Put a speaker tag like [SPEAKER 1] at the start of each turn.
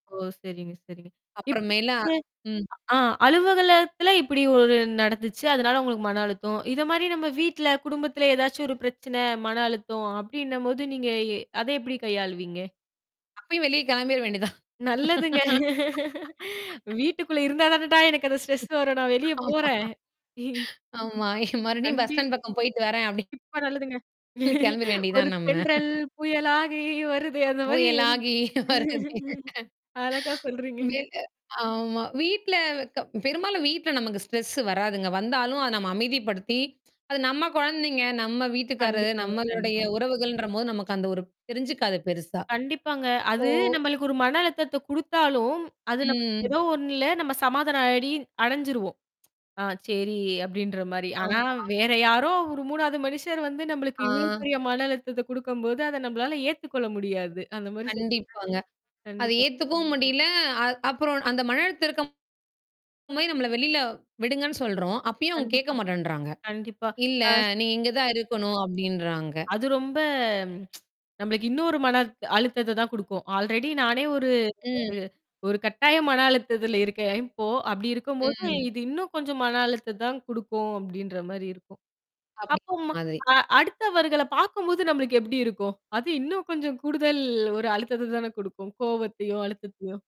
[SPEAKER 1] ஓ! சரிங்க, சரிங்க. இப்ப.
[SPEAKER 2] அப்புறமேல ம்.
[SPEAKER 1] [unintelligible] ஆ அலுவகலத்துல இப்படி ஒரு நடந்துச்சு. அதனால உங்களுக்கு மன அழுத்தம். இத மாரி நம்ம வீட்ல குடும்பத்தில ஏதாச்சும் ஒரு பிரச்சனை, மன அழுத்தம் அப்படின்னும்போது நீங்க எ அத எப்படி கையாளுவீங்க?
[SPEAKER 2] அப்பயே வெளிய கிளம்பிற வேண்டியதான்.
[SPEAKER 1] நல்லதுங்க. வீட்டுக்குள்ள இருந்தா தானடா எனக்கு அந்த ஸ்ட்ரெஸ் வரும். நான் வெளிய
[SPEAKER 2] ஆ!
[SPEAKER 1] போறேன்.
[SPEAKER 2] ஆமா. மறுபடியும் பஸ் ஸ்டாண்ட் பக்கம்
[SPEAKER 1] கண்டிப்பா
[SPEAKER 2] போயிட்டு வரேன் அப்படின்னு.
[SPEAKER 1] நல்லதுங்க.
[SPEAKER 2] கிளம்பிர
[SPEAKER 1] ஒரு
[SPEAKER 2] வேண்டியதுதான் நம்ம.
[SPEAKER 1] தென்றல் புயல் ஆகி வருதே அந்த மாரி.
[SPEAKER 2] புயலாகி வருதே
[SPEAKER 1] அழகா
[SPEAKER 2] வே
[SPEAKER 1] சொல்றீங்கங்க.
[SPEAKER 2] ஆமா. வீட்ல க பெரும்பாலும் வீட்ல நமக்கு ஸ்ட்ரெஸ் வராதுங்க. வந்தாலும் அத நம்ம அமைதிப்படுத்தி, அது நம்ம குழந்தைங்க, நம்ம வீட்டுக்காரரு,
[SPEAKER 1] கண்டிப்பாங்க,
[SPEAKER 2] நம்மளுடைய
[SPEAKER 1] கண்டிப்பா.
[SPEAKER 2] உறவுகள்ன்றபோது நமக்கு அந்த ஒரு தெரிஞ்சுக்காது பெருசா.
[SPEAKER 1] கண்டிப்பாங்க.
[SPEAKER 2] இப்போ
[SPEAKER 1] அது நம்மளுக்கு ஒரு மன அழுத்தத்தை குடுத்தாலும், அது நம
[SPEAKER 2] ம்.
[SPEAKER 1] ஏதோ ஒண்ணுல நம்ம சமாதானம் ஆடி அடைஞ்சருவோம். ஆ சரி அப்படின்ற மாரி. ஆனா
[SPEAKER 2] ஆமா.
[SPEAKER 1] வேற யாரோ ஒரு 3வது மனுஷர் வந்து நம்மளுக்கு
[SPEAKER 2] ஆ.
[SPEAKER 1] இவ்ளோ பெரிய மன அழுத்தத்த குடுக்கும்போது, அத நம்மளால ஏத்துக்க கொள்ள முடியாது. அந்த மாரி சொல்
[SPEAKER 2] கண்டிப்பாங்க. அத
[SPEAKER 1] கண்டிப்பா.
[SPEAKER 2] ஏத்துக்கவும் முடியல. அ அப்புறம் அந்த மன அழுத்த இருக்க அதுமாரி நம்மள வெளில விடுங்கன்னு சொல்றோம். அப்பயும் அவவுங்க கேட்க
[SPEAKER 1] கண்டிப்பா.
[SPEAKER 2] மாட்டேன்றாங்க.
[SPEAKER 1] கண்டிப்பா.
[SPEAKER 2] இல்ல.
[SPEAKER 1] அ.
[SPEAKER 2] நீ இங்க தான் இருக்கணும் அப்படின்றாங்க.
[SPEAKER 1] அது ரொம்ப. நம்மளுக்கு இன்னோரு மன அழு அழுத்தத தான் குடுக்கும். ஆல்ரெடி நானே ஒரு
[SPEAKER 2] ம்.
[SPEAKER 1] ஒரு ஒரு கட்டாய மன அழுத்தத்தில இருக்கேன். இப்போ அப்படி இருக்கும்போது
[SPEAKER 2] ம்.
[SPEAKER 1] இது இன்னும் கொஞ்சம் மன அழுத்த தான் குடுக்கும் அப்படின்ற மாரி இருக்கும்.
[SPEAKER 2] அப்படின்ங்கற
[SPEAKER 1] அப்போம்
[SPEAKER 2] மாதிரி.
[SPEAKER 1] அ அடுத்தவர்கள பார்க்கும்போது நம்மளுக்கு எப்படி இருக்கும்? அது இன்னும் கொஞ்சம் கூடுதல் ஒரு அழுத்தத்த தானே குடுக்கும். கோவத்தையும், அழுத்தத்தையும்.